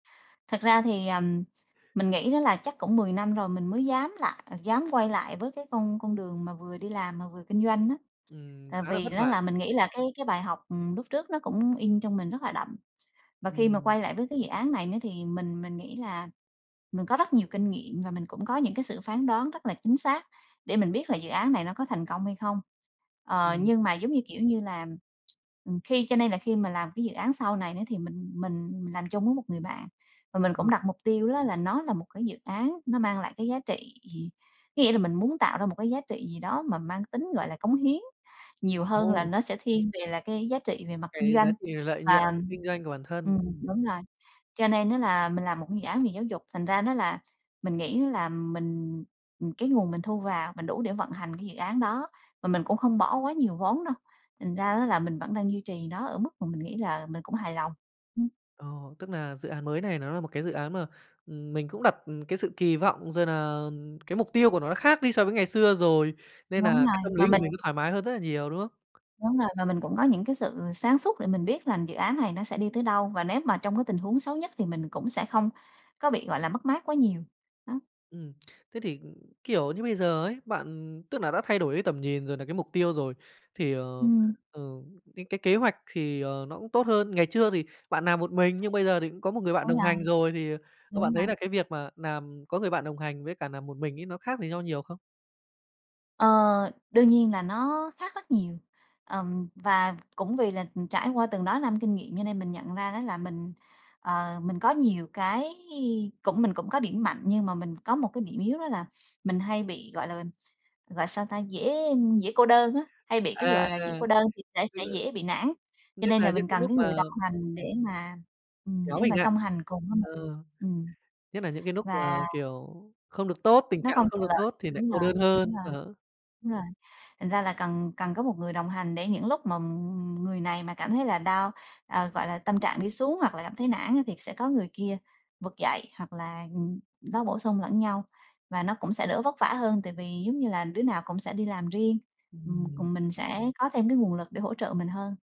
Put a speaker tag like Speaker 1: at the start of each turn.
Speaker 1: Thật ra thì, ờm, mình nghĩ đó là chắc cũng 10 năm rồi mình mới dám lại dám quay lại với cái con con đường mà vừa đi làm mà vừa kinh doanh á.
Speaker 2: Ừm,
Speaker 1: Tại
Speaker 2: khá là
Speaker 1: vì
Speaker 2: vất
Speaker 1: đó
Speaker 2: vả.
Speaker 1: là mình nghĩ là cái cái bài học, ừm, lúc trước nó cũng in trong mình rất là đậm. Và khi mà
Speaker 2: Ừm.
Speaker 1: quay lại với cái dự án này nữa thì mình mình nghĩ là mình có rất nhiều kinh nghiệm và mình cũng có những cái sự phán đoán rất là chính xác để mình biết là dự án này nó có thành công hay không. Ờ,
Speaker 2: Ừm.
Speaker 1: nhưng mà giống như, kiểu như là, ừm, khi cho nên là khi mà làm cái dự án sau này nữa thì mình mình làm chung với một người bạn, và mình cũng
Speaker 2: Ờ.
Speaker 1: đặt mục tiêu đó là nó là một cái dự án nó mang lại cái giá trị gì? Có nghĩa là mình muốn tạo ra một cái giá trị gì đó mà mang tính, gọi là, cống hiến nhiều hơn là
Speaker 2: Ồ!
Speaker 1: nó sẽ thiên về là cái giá trị về mặt kinh
Speaker 2: Cái giá
Speaker 1: doanh.
Speaker 2: trị lợi nhuận
Speaker 1: Và,
Speaker 2: kinh doanh của bản thân,
Speaker 1: ừm,
Speaker 2: ừm.
Speaker 1: đúng rồi, cho nên á là mình làm một cái dự án về giáo dục, thành ra nó là mình nghĩ là mình, ừm, cái nguồn mình thu vào mình đủ để vận hành cái dự án đó, và mình cũng không bỏ quá nhiều vốn đâu thành ra á là mình vẫn đang duy trì nó ở mức mà mình nghĩ là mình cũng hài lòng. Ừm.
Speaker 2: Ờ, tức là dự án mới này nó là một cái dự án mà, ừm, mình cũng đặt, ừ, cái sự kỳ vọng rồi nà cái mục tiêu của nó khác đi so với ngày xưa rồi, nên nà
Speaker 1: Đúng
Speaker 2: cái
Speaker 1: rồi,
Speaker 2: tâm lý
Speaker 1: và
Speaker 2: của
Speaker 1: mình
Speaker 2: mình nó thoải mái hơn rất là nhiều, đúng không?
Speaker 1: Đúng rồi, và mình cũng có những cái sự sáng suốt để mình biết là dự án này nó sẽ đi tới đâu và nếu mà trong cái tình huống xấu nhất thì mình cũng sẽ không có bị, gọi là, mất mát quá nhiều. Đó.
Speaker 2: Ừm, thế thì, kiểu, như bây giờ ấy, bạn tức là đã thay đổi cái tầm nhìn rồi nà cái mục tiêu rồi, thì, ờ,
Speaker 1: Ừm.
Speaker 2: ờ, cái cái kế hoạch thì, ờ, nó cũng tốt hơn. Ngày chưa thì bạn làm một mình nhưng bây giờ thì cũng có một người bạn
Speaker 1: Đúng
Speaker 2: đồng
Speaker 1: rồi.
Speaker 2: hành rồi thì, ờ, bạn
Speaker 1: Đúng
Speaker 2: thấy nà
Speaker 1: rồi.
Speaker 2: cái việc mà làm có người bạn đồng hành với cả làm một mình ấy, nó khác gì nhau nhiều không?
Speaker 1: Ờ, đương nhiên là nó khác rất nhiều, ờm, và cũng vì là trải qua từng đó năm kinh nghiệm cho nên mình nhận ra đó là mình, ờ, mình có nhiều cái cũng mình cũng có điểm mạnh nhưng mà mình có một cái điểm yếu đó là mình hay bị, gọi là, gọi sao ta, dễ dễ cô đơn á, hay bị cái,
Speaker 2: À,
Speaker 1: gọi là, dễ cô đơn thì sẽ
Speaker 2: tức
Speaker 1: sẽ
Speaker 2: là
Speaker 1: dễ bị nản, cho
Speaker 2: nhất
Speaker 1: nên là
Speaker 2: là những
Speaker 1: mình
Speaker 2: cái
Speaker 1: cần
Speaker 2: lúc
Speaker 1: cái người
Speaker 2: mà
Speaker 1: đồng hành
Speaker 2: ừm.
Speaker 1: để mà, ừm,
Speaker 2: Kéo
Speaker 1: để
Speaker 2: mình
Speaker 1: mà
Speaker 2: nại,
Speaker 1: song hành cùng với
Speaker 2: ờ,
Speaker 1: mình. Ừm.
Speaker 2: nhất nà những cái núc mà,
Speaker 1: Và
Speaker 2: kiểu, không được tốt, tình
Speaker 1: Nó
Speaker 2: trạng nó
Speaker 1: không
Speaker 2: không
Speaker 1: thuận
Speaker 2: được
Speaker 1: lợi,
Speaker 2: tốt thì nại
Speaker 1: đúng
Speaker 2: cô
Speaker 1: rồi,
Speaker 2: đơn hơn,
Speaker 1: đúng rồi,
Speaker 2: ờ.
Speaker 1: đúng rồi. Thành ra là cần cần có một người đồng hành để những lúc mà người này mà cảm thấy là down, à, gọi là, tâm trạng đi xuống hoặc là cảm thấy nản á thì sẽ có người kia vực dậy hoặc là, ừm, nó bổ sung lẫn nhau, và nó cũng sẽ đỡ vất vả hơn tại vì giống như là đứa nào cũng sẽ đi làm riêng, ừm,
Speaker 2: Ừm.
Speaker 1: còn mình sẽ có thêm cái nguồn lực để hỗ trợ mình hơn.